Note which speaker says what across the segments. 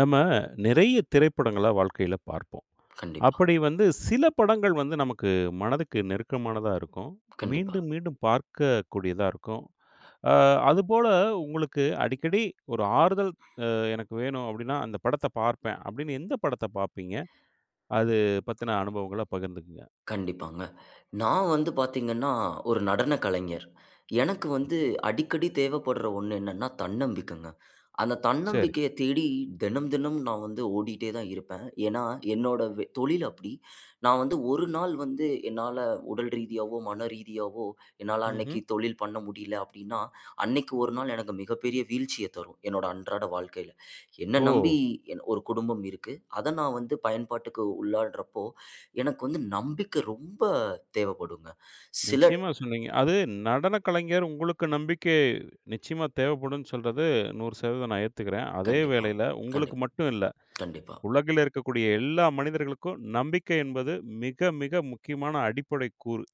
Speaker 1: நம்ம நிறைய திரைப்படங்கள வாழ்க்கையில பார்ப்போம்.
Speaker 2: கண்டிப்பா.
Speaker 1: அப்படி வந்து, சில படங்கள் வந்து, நமக்கு மனதுக்கு நெருக்கமானதா இருக்கும்.
Speaker 2: கண்டிப்பா.
Speaker 1: மீண்டும், மீண்டும் பார்க்கக்கூடியதா இருக்கும். அ அதுபோல உங்களுக்கு, அடிக்கடி ஒரு ஆறுதல், அ எனக்கு வேணும், அப்பிடின்னா, அந்த படத்த பார்ப்பேன். அப்பிடின்னு, எந்த படத்த பாப்பீங்க? அது பத்தின, அனுபவங்கள பகிர்ந்துக்கங்க.
Speaker 2: கண்டிப்பாங்க. நான் வந்து பார்த்தீங்கன்னா, ஒரு நடன கலைஞர். எனக்கு வந்து
Speaker 1: ம்ஹ்ம்.
Speaker 2: அடிக்கடி தேவைப்பட்ற ஒண்ணு என்னனா, தன்னம்பிக்கைங்க. அந்த
Speaker 1: சரி.
Speaker 2: தன்னம்பிக்கைய தேடி, தினம், தினம் நான் வந்து ஓடிட்டே தான் இருப்பேன். ஏனா, என்னோட வே தொழில் அப்பிடி. நான் வந்து "1 நாள் வந்து என்னால உடல் ரீதியாவோ, மன ரீதியாவோ, என்னால அன்னக்கி
Speaker 1: ம்ஹ்ம்.
Speaker 2: தொழில் பண்ண முடியல," அப்பிடின்னா, அன்னக்கி 1, எனக்கு மிகப்பெரிய வீழ்ச்சிய தரும். என்னோட அன்றாட வாழ்க்கையில. என்ன நம்பி
Speaker 1: ஓ!
Speaker 2: எ ஒரு குடும்பம் இருக்கு. அத நான் வந்து பயன்பாட்டுக்கு உள்ளாட்றப்போ, எனக்கு வந்து நம்பிக்க ரொம்ப தேவைப்படுங்க. சில
Speaker 1: நிச்சயமா சொன்னீங்க. அது நடன கலைஞர் உங்களுக்கு நம்பிக்கை, நிச்சயமா தேவைப்படுன்னு சொல்றது, 100% நான் ஏத்துக்கிறேன். அதே
Speaker 2: கண்டிப்பா.
Speaker 1: வேளையில, உங்களுக்கு
Speaker 2: கண்டிப்
Speaker 1: மட்டும் இல்ல,
Speaker 2: கண்டிப்பா.
Speaker 1: உலகில இருக்கக்கூடிய எல்லா மனிதர்களுக்கும், நம்பிக்கை என்பது மிக, மிக முக்கியமான அடிப்படை கூறு.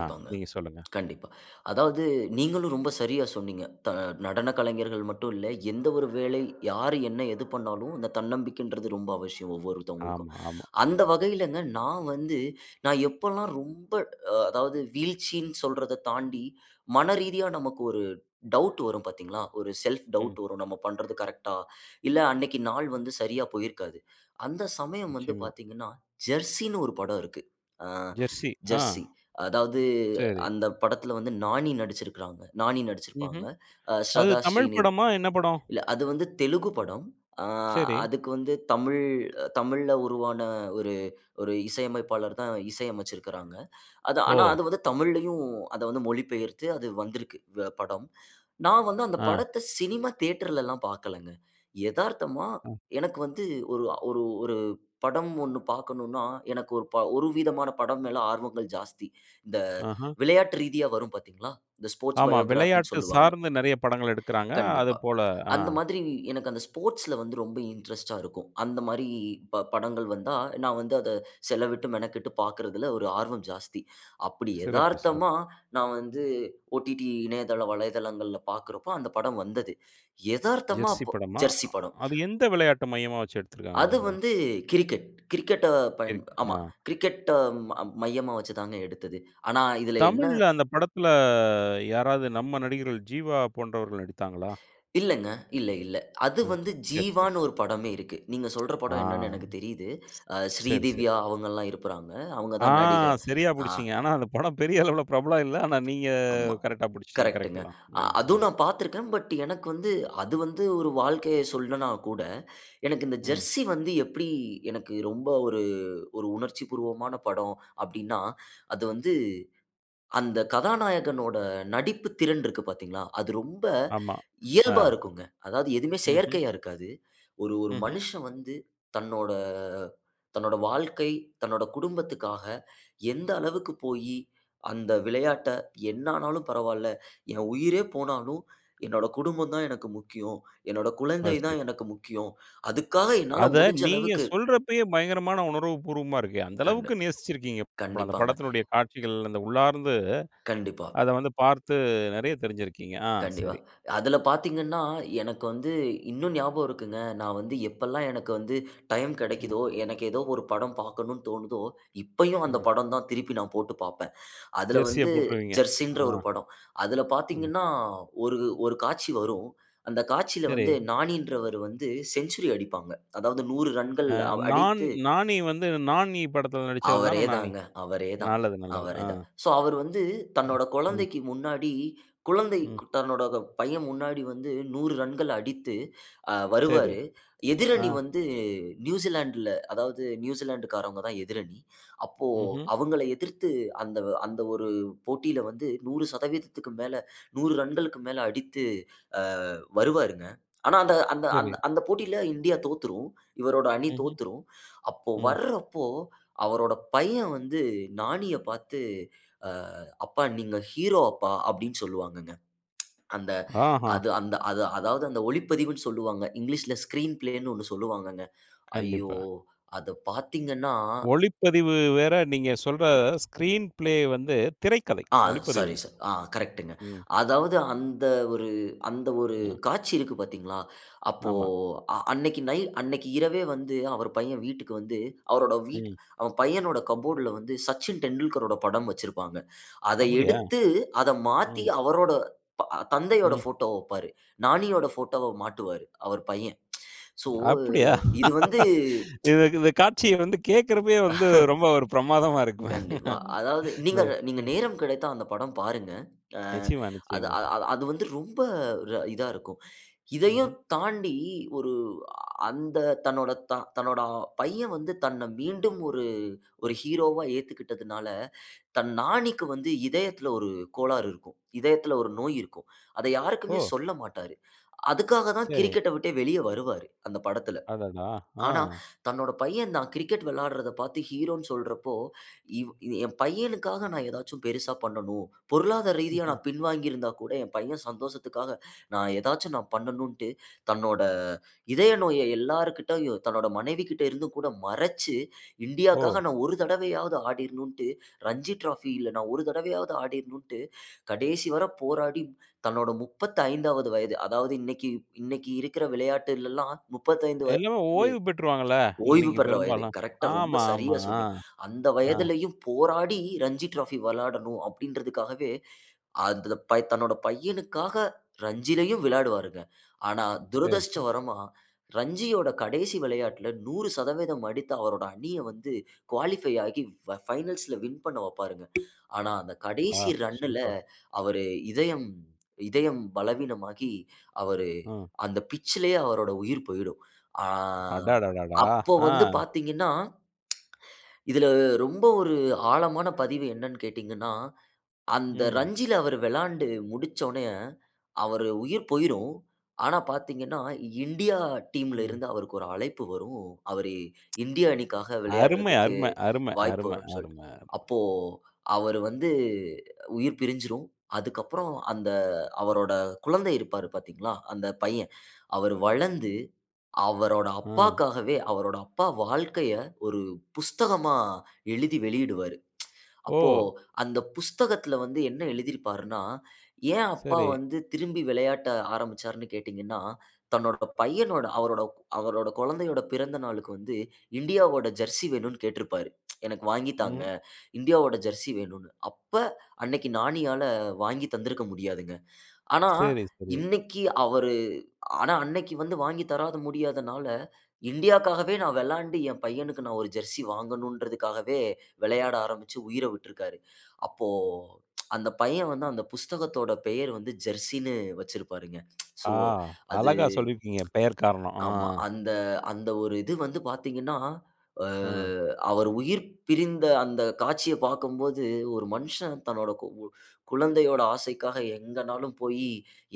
Speaker 1: ஆ நீங்க சொல்லுங்க.
Speaker 2: கண்டிப்பா. அதாவது நீங்களும் ரொம்ப சரியா சொன்னீங்க. த நடன கலைஞர்கள் மட்டும் இல்ல, எந்த ஒரு வேலை, யார்? என்ன? எது? பண்ணாலும், அந்த தன்னம்பிக்கைன்றது ரொம்ப அவசியம் ஒவ்வொருத்தவங்களுக்கும்.
Speaker 1: ஆமா, ஆமா.
Speaker 2: அந்த வகையிலங்க நான் வந்து நான் எப்பல்லாம் ரொம்ப அ அதாவது வீழ்ச்சின்னு சொல்றத தாண்டி, மன ரீதியா நமக்கு ஒரு டவுட் வரும் பாத்தீங்களா? ஒரு செல்ஃப்
Speaker 1: ம்.
Speaker 2: டவுட் வரும். நம்ம பண்றது கரெக்ட்டா! இல்ல அன்னக்கி நாள் வந்து சரியா போயிருக்காது. அந்த சமயம் வந்து
Speaker 1: நிச்சயமா.
Speaker 2: பார்த்தீங்கன்னா, ஜெர்சினு ஒரு படம் இருக்கு. ஆ
Speaker 1: ஜெர்சி. ஆ
Speaker 2: ஜெர்சி. அதாவது
Speaker 1: சரி.
Speaker 2: அந்த படத்தில வந்து, நானி நடுச்சுருக்காங்க நானி நடுச்சுருப்பாங்க.
Speaker 1: ம்ஹ்ம்.
Speaker 2: அ
Speaker 1: அது
Speaker 2: ஸ்ரதா
Speaker 1: தமிழ்
Speaker 2: ஸ்ரீநித
Speaker 1: படமா? என்ன படம்?
Speaker 2: இல்ல, அது வந்து தெலுங்கு படம். ஆ,
Speaker 1: சரி.
Speaker 2: அதுக்கு வந்து தமிழ், தமிழ்ல உருவான ஒரு, ஒரு இசையமைப்பாளர் தான், இசை அமச்சுருக்காங்க. அது, ஆனா
Speaker 1: ஓ!
Speaker 2: அது வந்து தமிழ்லயும், அத வந்து மொழிபெயர்த்து, அது வந்திருக்கு வ படம். நான் வந்து அந்த
Speaker 1: ஆ.
Speaker 2: படத்த சினிமா தியேட்டர்ல எல்லாம் பாக்கலங்க. எதார்த்தமா
Speaker 1: ஆ.
Speaker 2: எனக்கு வந்து ஒரு ஒரு ஒரு படம் ஒண்ணு பாக்கணுனா, எனக்கு ஒரு, ஒரு ப விதமான படம் மேல ஆர்வங்கள் ஜாஸ்தி. இந்த
Speaker 1: ஆஹ.
Speaker 2: விளையாட்டு ரீதியா, வரும் பார்த்தீங்களா? இந்த ஸ்போர்ட்ஸ்
Speaker 1: ஆமா.
Speaker 2: பயோகிராஃபின்னு
Speaker 1: விளையாட்டு
Speaker 2: சொல்வாங்க.
Speaker 1: சார்ந்து, நிறைய படங்கள் எடுக்குறாங்க. அது
Speaker 2: கண்டிப்பா.
Speaker 1: போல, ஆ.
Speaker 2: அந்த மாதிரி, எனக்கு அந்த ஸ்போர்ட்ஸ்ல வந்து ரொம்ப இன்ட்ரெஸ்ட்டா இருக்கும். அந்தமாரி ப படங்கள் வந்தா, நான் வந்து அத செலவிட்டு மெனக்கட்டு பாக்கிறதில ஒரு ஆர்வம் ஜாஸ்தி. அப்பிடி
Speaker 1: சிறப்பு, சிறப்பு.
Speaker 2: எதார்த்தமா, நான் வந்து OTT இணையதள வலைதளங்கள்ல பாக்குறப்போ அந்த படம் வந்தது. எதார்த்தமா
Speaker 1: ஜெர்சி
Speaker 2: அப்ப
Speaker 1: படமா?
Speaker 2: ஜெர்சி படம்.
Speaker 1: அது எந்த விளையாட்ட, மையமா வச்சு எடுத்துருக்காங்க?
Speaker 2: அது
Speaker 1: அந்தப் படம்.
Speaker 2: வந்து கிரிக்கெட். கிரிக்கெட்ட பயன்
Speaker 1: கிரிக்
Speaker 2: ஆமா,
Speaker 1: ஆ.
Speaker 2: கிரிக்கெட்ட ம மையமா வச்சு தாங்க எடுத்தது. ஆனா, இதில என்ன?
Speaker 1: தமிழ்ல அந்த படத்துல, யாராவது நம்ம நடிகர்கள், ஜீவா போன்றவர்கள் நடித்தாங்களா?
Speaker 2: இல்லங்க. இல்ல இல்ல. அது
Speaker 1: ஆ,
Speaker 2: வந்து
Speaker 1: சரி, சரி.
Speaker 2: ஜீவானு, ஒரு படமே இருக்கு. நீங்க சொல்ற
Speaker 1: ஆ.
Speaker 2: படம் என்னனு எனக்கு தெரியுது. அ,
Speaker 1: சரி, சரி.
Speaker 2: ஸ்ரீதிவ்யா அவுங்கள்லாம் இருக்குறாங்க. அவுங்க
Speaker 1: ஆ
Speaker 2: தான் நடிகை.
Speaker 1: சரியா
Speaker 2: அ.
Speaker 1: பிடிச்சீங்க. ஆனா, அந்த படம் பெரிய அளவில பிரபலம் இல்ல ஆனா நீங்க
Speaker 2: ஆமா.
Speaker 1: கரெக்ட்டா பிடிச்சுட்டீங்க. கரெக்ட்
Speaker 2: கரெக்ட்டுங்க.
Speaker 1: தான்.
Speaker 2: அ
Speaker 1: ம், ம்.
Speaker 2: அதுவும் நான் பாத்துருக்கேன். பட் எனக்கு வந்து, அது வந்து ஒரு வாழ்க்கைய சொல்லனா கூட, எனக்கு இந்த
Speaker 1: ம்.
Speaker 2: ஜெர்சி வந்து எப்பிடி எனக்கு ரொம்ப ஒரு, ஒரு உணர்ச்சிபூர்வமான படம் அப்பிடின்னா, அது வந்து, அந்த கதாநாயகனோட நடிப்பு திறன் இருக்கு பார்த்தீங்களா, அது ரொம்ப
Speaker 1: ஆமா, ஆ.
Speaker 2: இயல்பா இருக்குங்க. அதாவது, எதுவுமே
Speaker 1: ம்ஹ்ம்.
Speaker 2: செயற்கையா இருக்காது. ஒரு ஒரு
Speaker 1: ம்ஹ்ம்.
Speaker 2: மனுஷன் வந்து தன்னோட தன்னோட வாழ்க்கை தன்னோட குடும்பத்துக்காக எந்த அளவுக்கு போயி அந்த விளையாட்ட என்ன ஆனாலும் பரவால்லை. "என் உயிரே போனாலும் என்னோட குடும்பம் தான் எனக்கு முக்கியம். என்னோட
Speaker 1: ஆ,
Speaker 2: குழந்தை
Speaker 1: சரி.
Speaker 2: தான் எனக்கு முக்கியம். அதுக்காக என்னால
Speaker 1: அத
Speaker 2: முடிஞ்ச
Speaker 1: நீங்க
Speaker 2: அளவுக்கு"
Speaker 1: சொல்றப்பயே பயங்கரமான உணர்வு பூர்வமா இருக்கே. அந்த
Speaker 2: கண்டு
Speaker 1: அளவுக்கு நேசிச்சுருக்கீங்க. அந்த
Speaker 2: கண்டிப்பாங்க.
Speaker 1: படத்தினுடைய காட்சிகள், அந்த உள்ளார்ந்து,
Speaker 2: கண்டிப்பா.
Speaker 1: அத வந்து பார்த்து, நிறைய தெரிஞ்சுருக்கீங்க. ஆ
Speaker 2: கண்டிப்பா.
Speaker 1: சரி.
Speaker 2: அதில பார்த்தீங்கனா, எனக்கு வந்து இன்னும் ஞாபகம் இருக்குங்க. நான் வந்து எப்பல்லாம், எனக்கு வந்து டைம்
Speaker 1: ம்.
Speaker 2: கிடைக்குதோ, எனக்கு ஏதோ ஒரு படம் பார்க்கனுன்னு தோணுதோ, இப்பயும் அந்த
Speaker 1: ம்.
Speaker 2: படம் தான் திருப்பி நான் போட்டு பார்ப்பேன். அதில
Speaker 1: ஜெர்சிய
Speaker 2: வந்து,
Speaker 1: போட்டுருவீங்க.
Speaker 2: "ஜெர்சி"ன்ற
Speaker 1: ஆ.
Speaker 2: ஒரு படம். அதில
Speaker 1: ம்.
Speaker 2: பார்த்தீங்கன்னா, ஒரு ஒரு காட்சி வரும். அந்த காட்சியில
Speaker 1: சரி.
Speaker 2: வந்து, நானின்றவரு வந்து, செஞ்சுரி அடிப்பாங்க. அதாவது 100 ரன்கள்
Speaker 1: அ
Speaker 2: அவ்
Speaker 1: நான்
Speaker 2: அடித்து
Speaker 1: நானி வந்து "நான் ஈ" படத்தில நடுச்சவர்தான
Speaker 2: அவரே
Speaker 1: நானி.
Speaker 2: தாங்க அவரே தான்.
Speaker 1: நல்லது, நல்லது.
Speaker 2: அவரே
Speaker 1: அ.
Speaker 2: தான். சோ, அவரு வந்து
Speaker 1: ம்,
Speaker 2: தன்னோட
Speaker 1: ம்.
Speaker 2: குழந்தைக்கு முன்னாடி, குழந்தை
Speaker 1: ம்.
Speaker 2: தன்னோட த பையன் முன்னாடி வந்து 100 ரன்கள் அடித்து, அ
Speaker 1: சரி.
Speaker 2: வருவாரு.
Speaker 1: ஆ.
Speaker 2: எதிரணி வந்து நியூசிலேண்ட் ல, அதாவது நியூசிலேண்ட்டுக்காரவங்க தான் எதிரணி. அப்போ
Speaker 1: ம்ஹ்ம்.
Speaker 2: அவங்கள எதிர்த்து அந்த, அந்த, ஒரு ஒரு போட்டியில வந்து, 100% க்கு மேல 100 ரன்களுக்கு மேல அடித்து, ஆ வருவாருங்க. ஆனா, அந்த அந்த
Speaker 1: சரி.
Speaker 2: அந்த போட்டியில இந்தியா தோத்துரும். இவரோட அணி
Speaker 1: ம்ஹ்ம்.
Speaker 2: தோத்துரும். அப்போ,
Speaker 1: ம்.
Speaker 2: வர்றப்போ அவரோட பையன் வந்து நானிய பாத்து, அ "அப்பா நீங்க ஹீரோ அப்பா!" அப்பிடின்னு சொல்லுவாங்கங்க அந்த
Speaker 1: ஆஹா.
Speaker 2: அது, அந்த அ அதாவது அந்த ஒளிப்பதிவுன்னு சொல்வாங்க. இங்கிலீஷ்ல ஸ்கிரீன் ஃபிளேன்னு ஒண்ணு சொல்லுவாங்கங்க. ஐயோ!
Speaker 1: கண்டிப்பா.
Speaker 2: அத பார்த்தீங்கனா!
Speaker 1: ஒளிப்பதிவு வேற, நீங்க சொல்ற, ஸ்க்ரீன் ஃபிளே வந்து திரைக்கதை.
Speaker 2: ஆ
Speaker 1: ஒளிப்பதிவு
Speaker 2: சாரி,
Speaker 1: இல்ல.
Speaker 2: சார். ஆ கரெக்ட்டுங்க.
Speaker 1: ம்.
Speaker 2: அதாவது அந்த ஒரு அந்த ஒரு
Speaker 1: ஆ.
Speaker 2: காட்சி இருக்கு பார்த்தீங்களா? அப்போ
Speaker 1: ஆமா.
Speaker 2: அன்னைக்கி நை அன்னைக்கு இரவே வந்து அவர் பையன் வீட்டுக்கு வந்து, அவரோட வீட்
Speaker 1: ம்.
Speaker 2: அவன் பையனோட கபோர்ட்ல வந்து, சச்சின் டெண்டுல்கரோட படம் வச்சிருப்பாங்க. அத
Speaker 1: அப்பிடியா?
Speaker 2: எடுத்து அத மாத்தி,
Speaker 1: ம்.
Speaker 2: அவரோட ப தந்தையோட
Speaker 1: ம்.
Speaker 2: ஃபோட்டோவ வப்பாரு. நானியோட போட்டோவ மாட்டுவாரு, அவர் பையன் சோ,
Speaker 1: அப்பிடியா?
Speaker 2: இது வந்து
Speaker 1: இது இதுக் இந்த காட்சிய வந்து கேக்குறப்பயே வந்து, ரொம்ப ஒரு பிரமாதமா இருக்குமே
Speaker 2: கண்டிப்பா. அதாவது,
Speaker 1: இந்த,
Speaker 2: நீங்க நீங்க
Speaker 1: ம்.
Speaker 2: நேரம் கிடைத்தா அந்த படம் பாருங்க. ஆ
Speaker 1: நிச்சயமா,
Speaker 2: அது
Speaker 1: நிச்சயமா.
Speaker 2: அது வந்து ரொம்ப ர இதா இருக்கும்.
Speaker 1: ம்ஹ்ம்.
Speaker 2: இதையும் தாண்டி ஒரு அ அந்த தன்னோட த தன்னோட பையன் வந்து தன்ன மீண்டும் ஒரு ஒரு ஹீரோவா ஏத்துக்கிட்டதுனால, தன் நானிக்கு வந்து இதயத்தில, ஒரு கோளாறு இருக்கும். இதயத்தில ஒரு நோய் இருக்கும். அதை யாருக்குமே
Speaker 1: ஓ!
Speaker 2: சொல்லமாட்டாரு. அதுக்காக தான்
Speaker 1: சரி.
Speaker 2: கிரிக்கெட்ட விட்டே வெளியே வருவாரு. அந்த படத்தில.
Speaker 1: அடடா! ஆ.
Speaker 2: ஆனா, தன்னோட பையன் நான் கிரிக்கெட் விளையாட்றத பாத்து, ஹீரோன்னு சொல்றப்போ, இவ் என் பையனுக்காக நான் ஏதாச்சும் பெருசா பண்ணனும். பொருளாதார ரீதியா
Speaker 1: ம்ஹ்ம்.
Speaker 2: நான் பின்வாங்கி இருந்தா கூட, என் பையன் சந்தோசத்துக்காக, நான் ஏதாச்சும் நான் பண்ணனுன்ட்டு, தன்னோட இதய நோய எல்லார்கிட்டேயும் தன்னோட மனைவிககிட்ட இருந்து கூடமறச்சு, இந்தியாக்காக
Speaker 1: ஓ!
Speaker 2: நான் ஒரு தடவையாவது ஆடிரணுன்டு ரஞ்சி டிராஎபில நான் ஒரு தடவையாவது ஆடிரணுன்டு, கடைசி வர போராடி, தன்னோட 35 வது வயது, அதாவது இன்னைக்கி இன்னைக்கி இருக்கிற விளையாட்டிலெல்லாம் 35 வயது
Speaker 1: எல்லாமே ஓய்வு பெற்றுருவாங்கல்ல.
Speaker 2: ஓய்வு
Speaker 1: இன்னைக்கி
Speaker 2: பெறுற வயது.
Speaker 1: பெரும்பாலும்.
Speaker 2: கரெக்ட்டா ரொம்ப
Speaker 1: ஆமா, ஆமா.
Speaker 2: சரியாக
Speaker 1: ஆ,
Speaker 2: சொன்னீங்க அந்த
Speaker 1: ஆ.
Speaker 2: வயதிலேயும் போராடி ரஞ்சி டிராஃபி விளையாடணும், அப்பிடின்றதுக்காகவே, அதுல ப தன்னோட பையனுக்காக ரஞ்சியிலயும் விளையாடுவாருங்க. ஆனா,
Speaker 1: சரி,
Speaker 2: துரதிஷ்ட
Speaker 1: சரி.
Speaker 2: வரமா ரஞ்சியோட கடைசி விளையாட்ல, 100% அடித்த அவரோட அணிய வந்து, குவாலிஃபை ஆக்கி, ஃப ஃபைனல்ஸ் ல வின் பண்ண வப்பாருங்க ஆனா, அந்த
Speaker 1: ஆ,
Speaker 2: கடைசி ரன்னுல
Speaker 1: சூப்பர்.
Speaker 2: அவரு இதயம் இதயம் பலவீனமாகி அவரு
Speaker 1: ம்.
Speaker 2: அந்த பிட்ச்லேயே அவரோட உயிர் போயிடும். ஆ
Speaker 1: அடடடடா!
Speaker 2: அப்ப
Speaker 1: ஆ.
Speaker 2: வந்து பார்த்தீங்கனா இதில ரொம்ப ஒரு ஆழமான பதிவு என்னன்னு கேட்டீங்கன்னா, அந்த
Speaker 1: ம்.
Speaker 2: ரஞ்சில, அவரு விளையாண்டு முடிச்ச உடனேய, அவரு உயிர் போயிரும். ஆனா, பார்த்தீங்கனா இண்டியா டீம்ல
Speaker 1: ம்.
Speaker 2: இருந்து, அவருக்கு ஒரு அழைப்பு வரும். அவரு இந்திய அணிக்காக
Speaker 1: அருமை
Speaker 2: விளையாடுறதுக்கு
Speaker 1: அரும அரும
Speaker 2: வாய்ப்பு
Speaker 1: அரும
Speaker 2: வரும்னு சொல்ட்டு.
Speaker 1: அரும அரும.
Speaker 2: அப்போ, அவரு வந்து உயிர் பிரிஞ்சிரும். அதுக்கப்பறம், அந்த அவரோட குழந்தை இருப்பாரு பார்த்தீங்களா? அந்த பையன். அவரு வளர்ந்து அவரோட
Speaker 1: ம்.
Speaker 2: அப்பாக்காகவே அவரோட அப்பா வாழ்க்கைய, ஒரு புஸ்தகமா எழுதி வெளியிடுவாரு அப்போ,
Speaker 1: ஓ!
Speaker 2: அந்த புஸ்தகத்தில வந்து என்ன எழுதியிருப்பாருன்னா, ஏன் அப்பா
Speaker 1: சரி.
Speaker 2: வந்து திரும்பி விளையாட்ட ஆரம்பிச்சாருன்னு கேட்டீங்கன்னா, தன்னோட பையனோட, அவரோட அவரோட குழந்தையோட பிறந்த நாளுக்கு வந்து, இண்டியாவோட "ஜெர்சி" வேணுன்னு கேட்ருப்பாரு எனக்கு வாங்கி தாங்க,
Speaker 1: ம்.
Speaker 2: இந்தியாவோட "ஜெர்சி" வேணுன்னு. அப்ப, அன்னைக்கி நானியால வாங்கி தந்திருக்க முடியாதுங்க. ஆனா,
Speaker 1: சரி, சரி.
Speaker 2: இன்னைக்கி அவரு ஆனா, அன்னைக்கி வந்து வாங்கி தராத முடியாதனால, இண்டியாக்காகவே நான் வெளாண்டு என் பையனுக்கு, நான் ஒரு "ஜெர்சி" வாங்கணுன்றதுக்காகவே, விளையாட ஆரம்பிச்சு உயிர விட்டிருக்கிறாரு. அப்போ அந்த பையன் வந்து அந்த புஸ்தகத்தோட பெயர் வந்து "ஜெர்சி" னு வச்சுருப்பாருங்க
Speaker 1: ஆ,
Speaker 2: சோ அது,
Speaker 1: அழகா சொல்லியிருக்கீங்க. பெயர் காரணம். ஆ.
Speaker 2: ஆமா. அந்த, அந்த ஒரு இது வந்து பார்த்தீங்கன்னா, அ,
Speaker 1: ஆ.
Speaker 2: அவர் உயிர் பிரிந்த அந்த காட்சிய பாக்கும்போது, ஒரு மனுஷன் தன்னோட கு குழந்தையோட ஆசைக்காக எங்கனாலும் போயி,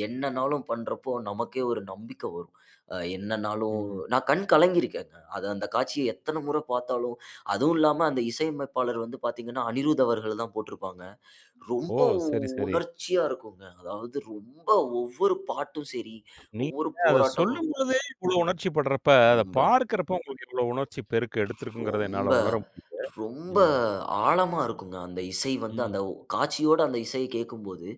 Speaker 2: என்னனாலும் பண்ணுறப்போ, நமக்கே ஒரு நம்பிக்கை வரும். அ என்னனாலும்
Speaker 1: ம்.
Speaker 2: நான் கண் கலங்கி இருக்கேன். அது அந்த காட்சிய எத்தனை முறை பாத்தாலும் அதுவும் இல்லாம அந்த இசையமைப்பாளர் வந்து பார்த்தீங்கன்னா, அனிரூத் அவர்கள் தான் போட்டிருப்பாங்க.
Speaker 1: ஓ!
Speaker 2: ரொம்ப
Speaker 1: சரி, சரி.
Speaker 2: உணர்ச்சியா இருக்குங்க. அதாவது ரொம்ப, ஒவ்வொரு பாட்டும் சரி. ஒவ்வொரு
Speaker 1: நீங்க அத
Speaker 2: போராட்டமும்
Speaker 1: சொல்லும்போதே, இவ்வளவு உணர்ச்சி பட்றப்ப. அத
Speaker 2: ரொம்ப.
Speaker 1: பார்க்கிறப்ப உங்களுக்கு எவ்ளோ உணர்ச்சி பெருக்கு எடுத்துருக்குங்கிறத,
Speaker 2: ரொம்ப,
Speaker 1: என்னால உணர முடியுது.
Speaker 2: ரொம்ப,
Speaker 1: ம்.
Speaker 2: ஆழமா இருக்குங்க அந்த இசை வந்து.
Speaker 1: ம்.
Speaker 2: அந்த காட்சியோட அந்த இசை கேட்கும்போது,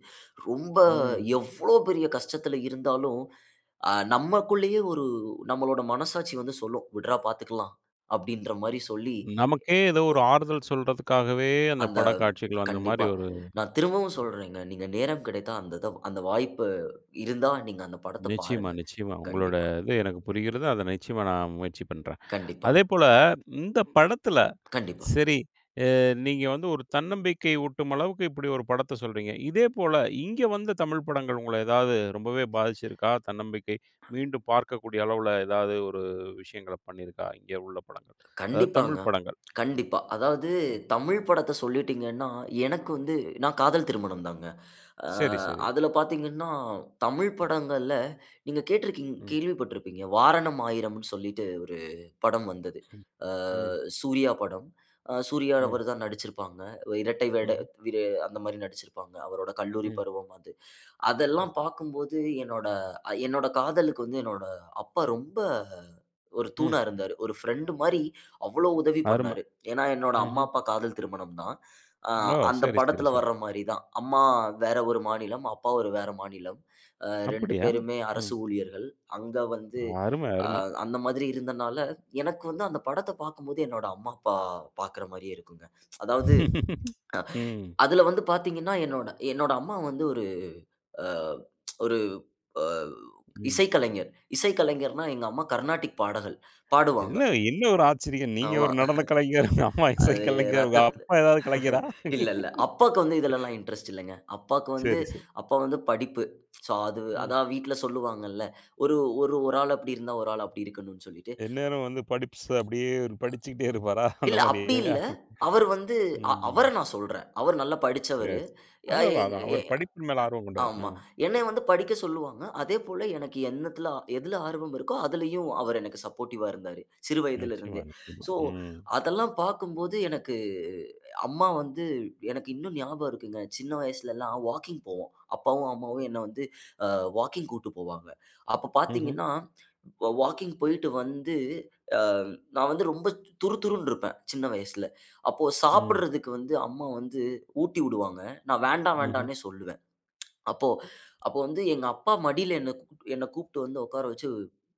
Speaker 2: ரொம்ப
Speaker 1: ம்.
Speaker 2: எவ்ளோ பெரிய கஷ்டத்தில இருந்தாலும், அ, நம்மக்குள்ளேயே ஒரு நம்மளோட, மனசாட்சி வந்து சொல்லும், "விட்றா! பாத்துக்கலாம்." அப்பிடின்றமாரி சொல்லி
Speaker 1: நமக்கே எதோ
Speaker 2: ஒ,
Speaker 1: ஒரு ஆறுதல் சொல்றதுக்காகவே அந்த
Speaker 2: அந்த
Speaker 1: படக்காட்சிகள் வந்த மாரி,
Speaker 2: கண்டிப்பா.
Speaker 1: ஒரு
Speaker 2: நான் திரும்பவும்
Speaker 1: ம்.
Speaker 2: சொல்றேங்க. நீங்க நேரம் கிடைத்தா, அந்த இத அந்த வாய்ப்பு இருந்தா, நீங்க அந்த படத்த
Speaker 1: நிச்சயமா,
Speaker 2: பாருங்க.
Speaker 1: நிச்சயமா. உங்களோட,
Speaker 2: கண்டிப்பா.
Speaker 1: இது எனக்கு புரிகிறது. அதை நிச்சயமா நான் முயற்சி பண்றேன்.
Speaker 2: கண்டிப்பா.
Speaker 1: அதேபோல, இந்த படத்தில
Speaker 2: கண்டிப்பா.
Speaker 1: சரி அ நீங்க வந்து ஒரு தன்னம்பிக்கை ஊட்டும் அளவுக்கு இப்பிடி ஒரு படத்த சொல்றீங்க. இதேபோல, இங்க வந்த தமிழ் படங்கள், உங்கள ஏதாவது ரொம்பவே பாதிச்சிருக்கா? தன்னம்பிக்கை மீண்டும் பார்க்கக்கூடிய அளவுல. எதாவது ஒரு விஷயங்கள பண்ணியிருக்கா? இங்க உள்ள படங்கள். அதாவது
Speaker 2: கண்டிப்பாங்க,
Speaker 1: தமிழ் படங்கள். ம்,
Speaker 2: கண்டிப்பா. அதாவது
Speaker 1: ம்.
Speaker 2: தமிழ் படத்த சொல்லிட்டீங்கன்னா, எனக்கு வந்து நான் காதல் திருமணம் தாங்க. ஆ
Speaker 1: சரி, சரி.
Speaker 2: அதில பார்த்தீங்கன்னா, தமிழ் படங்கள்ல, நீங்க கேட்ருக்கிங்
Speaker 1: ம்.
Speaker 2: கேள்விப்பட்டிருப்பீங்க? வாரணம் ஆயிரம்னு சொல்லிட்டு, ஒரு படம் வந்தது.
Speaker 1: ம்,
Speaker 2: ஆ
Speaker 1: ம்.
Speaker 2: சூர்யா படம். அ சூர்யா அவரு
Speaker 1: ம்.
Speaker 2: தான் நடுச்சுருப்பாங்க. அ இரட்டை வேட
Speaker 1: ம்ஹ்ம்.
Speaker 2: [unintelligible] அந்தமாரி நடுச்சிருப்பாங்க. அவரோட கல்லூரி
Speaker 1: ம்.
Speaker 2: பருவம் அது.
Speaker 1: ம்.
Speaker 2: அதெல்லாம் பாக்கும்போது, என்னோட அ என்னோட காதலுக்கு வந்து என்னோட அப்பா ரொம்ப ஒரு
Speaker 1: ம்.
Speaker 2: தூணா இருந்தாரு. ஒரு ஃபிரெண்ட்மாரி, அவ்வளவு உதவி
Speaker 1: அரும.
Speaker 2: பண்ணாரு. ஏனா, என்னோட அம்மா,
Speaker 1: ம்ஹ்ம்.
Speaker 2: அப்பா காதல் திருமணம் தான். ஆ
Speaker 1: ஓ!
Speaker 2: அந்த
Speaker 1: சரி, சரி,
Speaker 2: படத்தில
Speaker 1: சரி.
Speaker 2: வர்றமாரி தான். அம்மா வேற ஒரு மாநிலம், அப்பா ஒரு வேற மாநிலம். அ 2
Speaker 1: அப்பிடியா?
Speaker 2: பேருமே அரசு
Speaker 1: ம்.
Speaker 2: ஊழியர்கள். அங்க வந்து
Speaker 1: அரும,
Speaker 2: அ
Speaker 1: அரும.
Speaker 2: அந்த மாதிரி இருந்தனால, எனக்கு வந்து அந்த படத்த பாக்கும்போது, என்னோட அம்மா, அப்பா பாக்கிற மாரியே இருக்குங்க. அதாவது ஆ
Speaker 1: ம்.
Speaker 2: அதில வந்து, பார்த்தீங்கனா, என்னோட, என்னோட அம்மா வந்து ஒரு அ ஒரு அ
Speaker 1: ம்.
Speaker 2: இசைக்கலைஞர். இசைக்கலைஞர்ன்னா எங்கள அம்மா கர்னாடிக் பாடகர் பாடுவாங்க.
Speaker 1: என்ன, என்ன ஒரு ஆச்சரியம். நீங்க
Speaker 2: ஆமா
Speaker 1: ஒரு நடன கலைஞர், உங்க, அம்மா இசை
Speaker 2: அது
Speaker 1: கலைஞர். உங்க,
Speaker 2: ரத்தத்
Speaker 1: அப்பா எதாவது கலைஞரா?
Speaker 2: இல்ல இல்ல. அப்பாக்கு வந்து இதில எல்லாம் இன்ட்ரெஸ்ட் இல்லங்க. அப்பாவுக்கு வந்து,
Speaker 1: சரி, சரி.
Speaker 2: அப்பா வந்து படிப்பு. சோ, அது
Speaker 1: ம்.
Speaker 2: அதான் வீட்ல சொல்வாங்கள. ஒரு ஒரு ஒரு ஆள் அப்பிடி இருந்தா, ஒரு ஆள் அப்பிடி இருக்கனுனு சொல்லிட்டு.
Speaker 1: எந்நேரம் வந்து படிப்ஸ். அப்பிடியே இவரு படிச்சுக்கிட்டே இருப்பாரா? அந்த
Speaker 2: இல்ல, அப்பிடி
Speaker 1: மாரியா?
Speaker 2: இல்ல. அவர் வந்து,
Speaker 1: ம்,
Speaker 2: அ அவர
Speaker 1: ம்.
Speaker 2: நான் சொல்றேன். அவர் நல்லா
Speaker 1: சரி.
Speaker 2: படுச்சவரு. ய
Speaker 1: அதான் அதான்
Speaker 2: எங்க
Speaker 1: அதான்.
Speaker 2: ய
Speaker 1: அவர் படிப்பின் மேல் ஆர்வம் கொண்டவர். அ.
Speaker 2: ஆமா. என்னைய வந்து படிக்க சொல்லுவாங்க. அதே போல, எனக்கு என்னத்தில எதுல ஆர்வம் இருக்கோ! அதிலேயும் அவரு எனக்கு சப்போர்டிவ்வா இருந்தாரு. சிறு வயதில
Speaker 1: நிச்சயமா,
Speaker 2: இருந்தே.
Speaker 1: நிச்சயமா.
Speaker 2: சோ,
Speaker 1: ம்.
Speaker 2: அதெல்லாம் பாக்கும்போது, எனக்கு அம்மா வந்து, எனக்கு இன்னும் ஞாபகம் இருக்குங்க. சின்ன வயசுல எல்லாம் வாக்கிங் போவோம். அப்பாவும் அம்மாவும் என்ன வந்து, ஆ வாக்கிங் கூட்டு போவாங்க. அப்ப
Speaker 1: ம்ஹ்ம்.
Speaker 2: பார்த்தீங்கனா, வா வாக்கிங் போய்ட்டு வந்து, ஆ நான் வந்து ரொம்ப துறு துறுன்டு இருப்பேன். சின்ன வயசுல. அப்போ
Speaker 1: ம்.
Speaker 2: சாப்பிட்றதுக்கு வந்து அம்மா வந்து ஊட்டி விடுவாங்க. நான் வேண்டா!
Speaker 1: ம்ஹ்ம்.
Speaker 2: வேண்டானே சொல்லுவேன் அப்போ அப்போ வந்து எங்க அப்பா மடியில, என்ன, என்ன கூப்ட்டு வந்து உட்கார வச்சு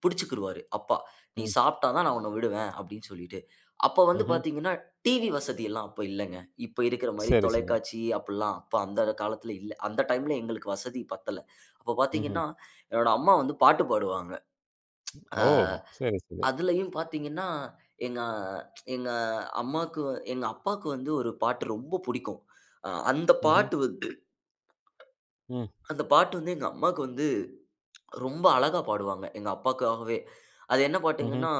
Speaker 2: பிடுச்சுக்கிருவாரு. அப்பா. "நீ
Speaker 1: ம்.
Speaker 2: சாப்பிட்டா தான் நான் உன்ன விடுவேன்," அப்பிடினு சொல்லிட்டு. அப்போ வந்து
Speaker 1: ம்ஹ்ம்.
Speaker 2: பார்த்தீங்கன்னா, டிவி வசதிலாம் அப்ப இல்லங்க. இப்ப இருக்றமாரி
Speaker 1: சரி, சரி.
Speaker 2: தொலைக்காட்சி அப்புட்லாம் அப்ப அந்த காலத்தில இல்ல. அந்த டைம்ல எங்களுக்கு வசதி பத்தல. அப்ப
Speaker 1: ம்ஹ்ம்.
Speaker 2: பார்த்தீங்கனா, என்னோட அம்மா வந்து பாட்டு பாடுவாங்க ஆ
Speaker 1: ஓ! சரி, சரி.
Speaker 2: அதிலேயும் பார்த்தீங்கன்னா, எங்க எங்க அம்மாவுக்கு எங்க அப்பாவுக்கு வந்து ஒரு பாட்டு ரொம்ப பிடிக்கும். அ அந்த
Speaker 1: ம்ஹ்ம்.
Speaker 2: பாட்டு வந்து
Speaker 1: ம்.
Speaker 2: அந்த பாட்டு வந்து, எங்க அம்மாவுக்கு வந்து ரொம்ப அழகா பாடுவாங்க. எங்க அப்பாவுக்காகவே. அது என்ன
Speaker 1: ம்ஹ்ம்.
Speaker 2: பாட்டுங்கன்னா,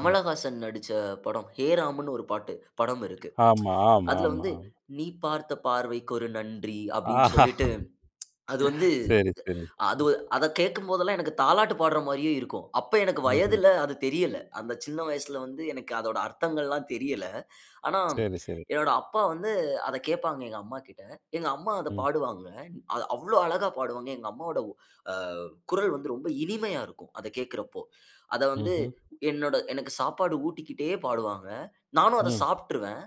Speaker 1: ம்.
Speaker 2: நடிச்ச படம் ஹேராம்னு ஒரு பாட்டு படம் இருக்கு
Speaker 1: ஆமா, ஆமா,
Speaker 2: அதில
Speaker 1: ஆமா.
Speaker 2: வந்து,
Speaker 1: ஆ.
Speaker 2: "நீ பார்த்த பார்வைக்கு ஒரு நன்றி" அப்பிடினு
Speaker 1: ஆஹா!
Speaker 2: சொல்லிட்டு அது வந்து,
Speaker 1: சரி, சரி.
Speaker 2: அத வ அத கேட்கும் போதெல்லாம் எனக்கு தாலாட்டு பாடுற மாரியே இருக்கும். அப்ப எனக்கு
Speaker 1: ம்ஹ்ம்.
Speaker 2: வயதில அது தெரியல. அந்த சின்ன வயசுல வந்து எனக்கு அதோட அர்த்தங்கள்லாம் தெரியல. ஆனா,
Speaker 1: சரி. சரி.
Speaker 2: என்னோட அப்பா வந்து, அத கேட்பாங்க, எங்க அம்மாகிட்ட. எங்க அம்மா, அத
Speaker 1: ம்.
Speaker 2: பாடுவாங்க. அ அது அவ்ளோ அழகா பாடுவாங்க. எங்க அம்மாவோட அ குரல் வந்து, ரொம்ப இனிமையா இருக்கும். அத கேட்கிறப்போ. அத வந்து
Speaker 1: ம்ஹ்ம்.
Speaker 2: என்னோட எனக்கு சாப்பாடு ஊட்டிக்கிட்டே பாடுவாங்க. நானும் அத
Speaker 1: ம்.
Speaker 2: சாப்ட்ருவேன்.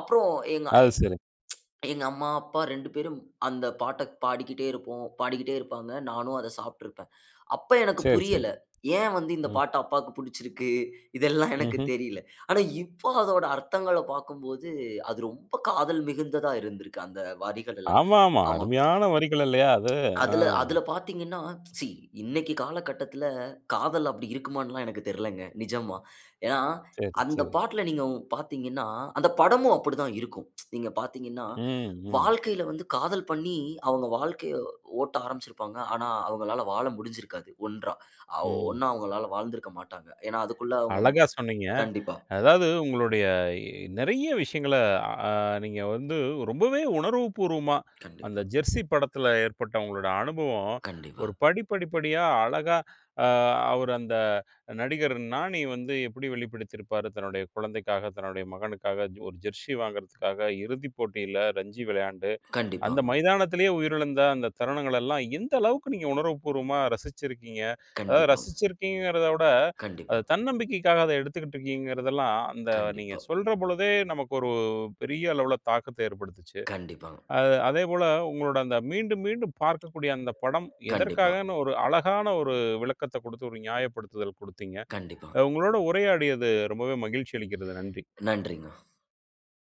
Speaker 2: அப்புறம் எங்க எ
Speaker 1: அது சரி!
Speaker 2: எங்க அம்மா, அப்பா 2 பேரும், அந்த பாட்ட பாடிக்கிட்டே இருப்போம் பாடிக்கிட்டே இருப்பாங்க. நானும் அத சாப்பிட்ருப்பேன். அப்ப, எனக்கு
Speaker 1: சரி, சரி.
Speaker 2: புரியல. ஏன் வந்து, இந்த
Speaker 1: ம்.
Speaker 2: பாட்டு அப்பாவுக்கு பிடிச்சுருக்கு இதெல்லாம் எனக்கு
Speaker 1: ம்ஹ்ம்.
Speaker 2: தெரியல ஆனா இப்போ அதோட அர்த்தங்கள பாக்கும்போது, அது ரொம்ப காதல் மிகுந்ததா இருந்திருக்கு, அந்த வரிகள் எல்லாம்.
Speaker 1: ஆமா, ஆமா.
Speaker 2: ஆமாம்
Speaker 1: அருமையான வரிகள் இல்லயா! அது. ஆ.
Speaker 2: அதில அதில பார்த்தீங்கன்னா, சீ! இன்னைக்கி காலகட்டத்துல, காதல் அப்பிடி இருக்குமான்லான் எனக்கு தெரியலங்க. நிஜமா. ஏனா,
Speaker 1: சரி,
Speaker 2: அந்த
Speaker 1: சரி.
Speaker 2: பாட்ல, நீங்க உங் பார்த்தீங்கனா, அந்த படமும் அப்பிடி தான் இருக்கும். நீங்க பார்த்தீங்கன்னா,
Speaker 1: ம், ம்.
Speaker 2: வாழ்க்கையில வந்து காதல் பண்ணி, அவுங்க வாழ்க்கைய ஓட்ட ஆரம்பிச்சுருப்பாங்க. ஆனா, அவுங்களால வாழ முடுஞ்சுருக்காது ஒன்றா! ஆ
Speaker 1: ம்.
Speaker 2: ஒன்னா அவுங்களால வாழ்ந்திருக்க மாட்டாங்க. ஏனா, அதுக்குள்ள அவுங்க
Speaker 1: அழகா, சொன்னீங்க.
Speaker 2: கண்டிப்பா.
Speaker 1: அதாவது உங்களுடைய நிறைய விஷயங்கள அ, அ நீங்க வந்து ரொம்பவே உணர்வு பூர்வமா, அந்த
Speaker 2: கண்டிப்பா.
Speaker 1: "ஜெர்ஸி "படத்தில ஏற்பட்ட உங்களோட அனுபவம்
Speaker 2: கண்டிப்பா.
Speaker 1: ஒரு படிப்படிப்படியா அழகா அ அவர் அந்த நடிகர் நானி வந்து எப்பிடி வெளிப்படுத்தியிருப்பாரு, தன்னுடைய குழந்தைக்காக, தன்னுடைய மகனுக்காக ஒ ஒரு ஜெர்ஸி வாங்குறதுக்காக, இறுதிப் போட்டியில ரஞ்சி விளையாண்டு, அந்த
Speaker 2: கண்டிப்பாங்க.
Speaker 1: மைதானத்திலேயே உயிரிழந்த அந்த தருணங்கள் எல்லாம் எந்த அளவுக்கு நீங்க உணர்வு பூர்வமா ரசிச்சிருக்கீங்க. அதாவது
Speaker 2: கண்டிப்பாங்க.
Speaker 1: ரசிச்சிருக்கீங்கங்கறத விட,
Speaker 2: கண்டிப்பா.
Speaker 1: அது தன்னம்பிக்கைக்காக அத எடுத்துக்கிட்டு இருக்குங்றீங்கிறது எல்லாம், அந்த நீங்க
Speaker 2: கண்டிப்பா.
Speaker 1: சொல்றபொழுதே, நமக்கு ஒரு பெரிய அளவுல தாக்கத்த ஏற்படுத்துச்சு.
Speaker 2: கண்டிப்பாங்க.
Speaker 1: அ, அதேபோல உங்களோட அந்த மீண்டும் மீண்டும் பார்க்கக்கூடிய அந்த படம்,
Speaker 2: கண்டிப்பா.
Speaker 1: எதற்காகன்னு, ஒரு அழகான ஒரு விளக்கத்த கொடுத்து, ஒரு நியாயப்படுத்துதல் கொடுத்தீங்க.
Speaker 2: கண்டிப்பா.
Speaker 1: அ உங்களோட உரையாடியது ரொம்பவே மகிழ்ச்சி அளிக்கிறது. நன்றி.
Speaker 2: நன்றிங்க.